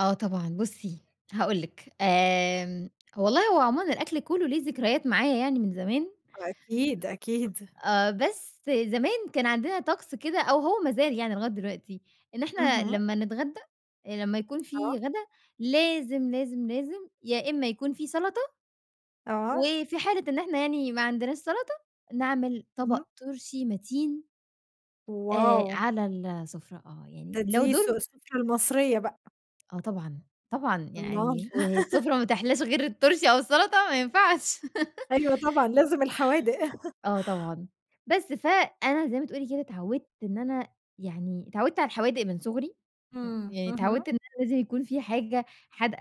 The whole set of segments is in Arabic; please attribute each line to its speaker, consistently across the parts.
Speaker 1: آه طبعًا، بُصّي هاقول لِك، آمم والله هو عمومًا الأكل كلّه ليه ذكريات معايا يعني من زمان
Speaker 2: وأكيد، أكيد.
Speaker 1: آآ بس زمان كان عندنا طَقس كده، أو هو مازال يعني لغاية دلوقتي، إن إحنا
Speaker 2: اهم.
Speaker 1: لمّا نتغدى آآ لمّا يكون في
Speaker 2: آه.
Speaker 1: غدا لازم، لازم، لازم، يا إمّا يكون في سلطة
Speaker 2: آه.
Speaker 1: وفي حالة إن إحنا يعني ما عندناش سلطة، نعمل طبق
Speaker 2: اهم.
Speaker 1: طُرشي مَتين آآ
Speaker 2: Wow.
Speaker 1: على ال السفرة آه، يعني
Speaker 2: ده
Speaker 1: لو
Speaker 2: دي الس
Speaker 1: دُور
Speaker 2: السفرة المصرية بقى.
Speaker 1: آه طبعًا، طبعًا،
Speaker 2: الله!
Speaker 1: يعني والسفرة ما تحلاش غير الطُرشي أو السلطة ما ينفعش.
Speaker 2: أيوه طبعًا لازم الحوادق.
Speaker 1: آه طبعًا، بس فأنا زي ما تقولي كده اتعَوِدت إن أنا يعني، اتعَوِدت على الحوادق من صُغري م
Speaker 2: إمم،
Speaker 1: يعني
Speaker 2: اهم.
Speaker 1: اتعَوِدت إن أنا لازم يكون في حاجة حادقة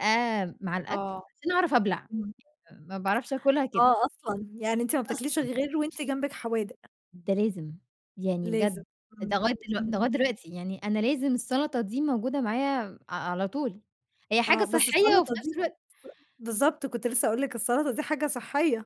Speaker 1: مع الأكل،
Speaker 2: آه،
Speaker 1: عشان اعرف ابلع،
Speaker 2: إمم.
Speaker 1: ما باعرفش آكلها كده.
Speaker 2: آه أصلًا، يعني أنتِ ما بتاكليش
Speaker 1: أصلًا.
Speaker 2: غير وأنتِ جنبِك حوادق.
Speaker 1: ده لازم، يعني
Speaker 2: لازم،
Speaker 1: بجد، ده
Speaker 2: إمم،
Speaker 1: لغاية دلوق ده
Speaker 2: إمم.
Speaker 1: لغاية دلوقتي، يعني أنا لازم السلطة دي موجودة معايا م ع على طول، هي حاجة
Speaker 2: آه بس
Speaker 1: صحّية وفي
Speaker 2: السلطة
Speaker 1: نفْس
Speaker 2: دي الس
Speaker 1: الوقت
Speaker 2: بالضبط كنت لسّه هاقول لِك السلطة دي حاجة صحّية.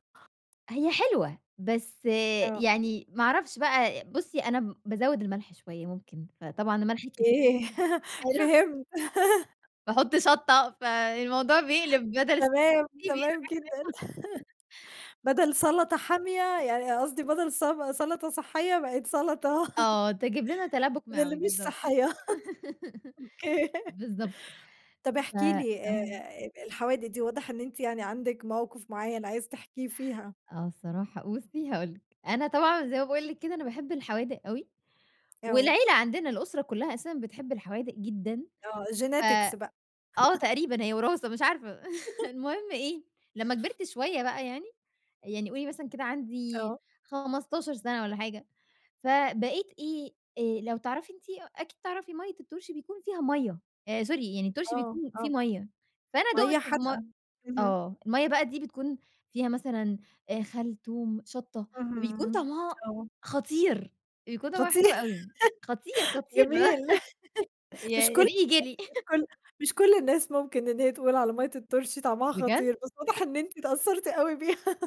Speaker 1: هي حلوة، بس
Speaker 2: آه.
Speaker 1: يعني، ما أعرفش بقى، بُصّي أنا م بازوّد الملح شوية ممكن، فطبعًا الملح الك
Speaker 2: أوكي،
Speaker 1: [unintelligible]
Speaker 2: فهمت.
Speaker 1: باحط شَطة، فالموضوع بيقلب بدل
Speaker 2: تمام،
Speaker 1: [unintelligible] بيقلب حاجة تانية.
Speaker 2: تمام جدًا، بدل
Speaker 1: [unintelligible]
Speaker 2: سلطة حامية يعني، قصدي بدل سب سلطة صحّية بقِد سلطة
Speaker 1: آه تجبلنا تلبُك
Speaker 2: من اللي
Speaker 1: معوي
Speaker 2: مش
Speaker 1: بالضبط،
Speaker 2: صحّية. أوكي.
Speaker 1: بالضبط
Speaker 2: طب
Speaker 1: ف
Speaker 2: احكي لي آآ،
Speaker 1: إمم.
Speaker 2: أ الحوادق دي واضح إن أنتِ يعني عندِك موقف معيّن عايز تحكيه فيها.
Speaker 1: آه الصراحة بُصّي هاقول لِك، أنا طبعًا زي ما باقول لِك كده أنا باحب الحوادق أوي،
Speaker 2: آه.
Speaker 1: والعيلة عندنا الأسرة كلّها أساسًا بتحب الحوادق جدًا،
Speaker 2: آه
Speaker 1: ف
Speaker 2: Genetics بقى.
Speaker 1: آه تقريبًا هي وراثة مش عارفة، المهم إيه، لمّا كبِرت شوية بقى يعني، يعني قولي مثلًا كده عندي
Speaker 2: آه.
Speaker 1: 15 سنة والّا حاجة، فبقيت إيه آآ، لو تعرفي أنتِ أ أكيد تعرفي مَيّة الطُرشي بيكون فيها مَيّة، آآ sorry يعني الطُرشي
Speaker 2: آه،
Speaker 1: بيكون فيه
Speaker 2: آه،
Speaker 1: مَيّة، فأنا دوقت
Speaker 2: مَيّة
Speaker 1: في م
Speaker 2: حادقة، اهم.
Speaker 1: آه المَيّة بقى دي بتكون فيها مثلًا آآ خل، توم، شَطة، فبيكون
Speaker 2: اهم،
Speaker 1: طعمها
Speaker 2: آه.
Speaker 1: خطير، بيكون طعمها
Speaker 2: خطير،
Speaker 1: حلو أوي، خطير، خطير.
Speaker 2: جميل،
Speaker 1: ياه!
Speaker 2: مش كلّ
Speaker 1: ريقي
Speaker 2: الناس
Speaker 1: جِرِي.
Speaker 2: مش كلّ مش كلّ الناس ممكن إن هي تقول على مَيّة الطُرشي طعمها
Speaker 1: بجد!
Speaker 2: خطير، بس واضح إن أنتِ أتأثّرتِ أوي بيها.